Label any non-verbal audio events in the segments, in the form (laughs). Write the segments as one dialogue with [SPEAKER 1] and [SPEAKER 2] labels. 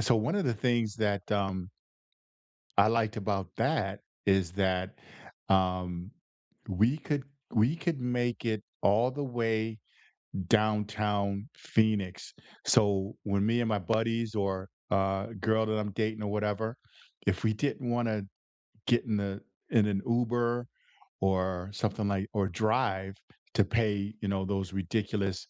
[SPEAKER 1] So, one of the things that, um, I liked about that, is that, um, we could we could make it all the way Downtown Phoenix, so, when me and my buddies, or a a girl that I'm dating or whatever, if we didn't wanna get in the in an Uber, or something like or drive to pay, you know, those ridiculous,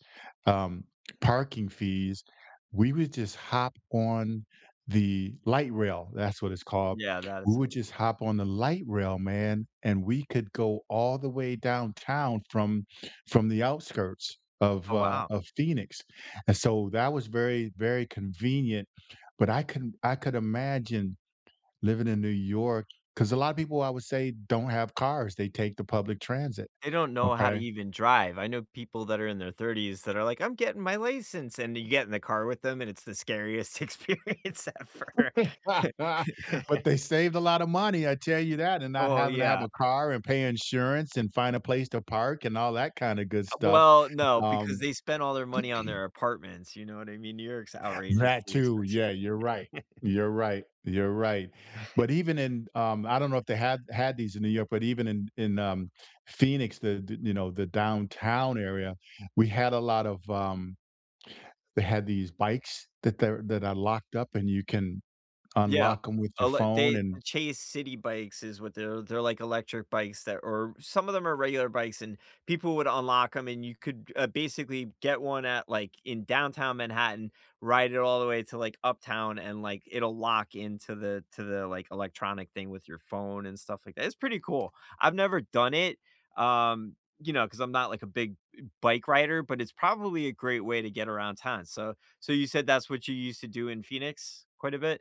[SPEAKER 1] um, parking fees, we would just hop on the Light Rail that's what it's called,
[SPEAKER 2] Yeah, that
[SPEAKER 1] we
[SPEAKER 2] is it.
[SPEAKER 1] would just hop on the Light Rail, man, and we could go all the way downtown from from the outskirts of,
[SPEAKER 2] Oh,
[SPEAKER 1] uh,
[SPEAKER 2] wow.
[SPEAKER 1] of Phoenix, and so, that was very, very convenient, but I can I could imagine living in New York, 'cause a lotta people, I would say, don't have cars, they take the public transit,
[SPEAKER 2] They don't know how to
[SPEAKER 1] okay?
[SPEAKER 2] even drive. I know people that are in their 30s that are like, "I'm getting my license," and you get in the car with them, and it's the scariest experience ever.
[SPEAKER 1] (laughs) But
[SPEAKER 2] (laughs)
[SPEAKER 1] they saved a lotta money, I tell you that, and not
[SPEAKER 2] Oh,
[SPEAKER 1] having to have
[SPEAKER 2] yeah.
[SPEAKER 1] a car, and pay insurance, and find a place to park, and all that kinda good
[SPEAKER 2] Uh,
[SPEAKER 1] stuff,
[SPEAKER 2] well, no, because
[SPEAKER 1] um
[SPEAKER 2] they spend all their money on
[SPEAKER 1] (clears throat)
[SPEAKER 2] their apartments, you know what I mean? New York's outrageous,
[SPEAKER 1] That
[SPEAKER 2] the
[SPEAKER 1] too,
[SPEAKER 2] expression.
[SPEAKER 1] yeah, you're right.
[SPEAKER 2] (chuckles)
[SPEAKER 1] You're right. You're right. But
[SPEAKER 2] (chuckles)
[SPEAKER 1] even in um, I don't know if they had had these in New York, but even in in, um, Phoenix, the th you know, the downtown area, we had a lot of, um, they had these bikes that they're that are locked up and you can
[SPEAKER 2] Yeah.
[SPEAKER 1] unlock 'em with your
[SPEAKER 2] Oh, let
[SPEAKER 1] phone,
[SPEAKER 2] they
[SPEAKER 1] and
[SPEAKER 2] Chase Citi bikes, is what they're they're, like, electric bikes that or some of them are regular bikes, and people would unlock 'em, and you could, uh, basically get one at like, in Downtown Manhattan, ride it all the way to, like, uptown, and, like, it'll lock into the to the, like, electronic thing with your phone and stuff like th it's pretty cool. I've never done it, um, you know, 'cause I'm not, like, a big eh, b bike rider, but it's probably a great way to get around town, so so, you said that's what you used to do in Phoenix quite a bit?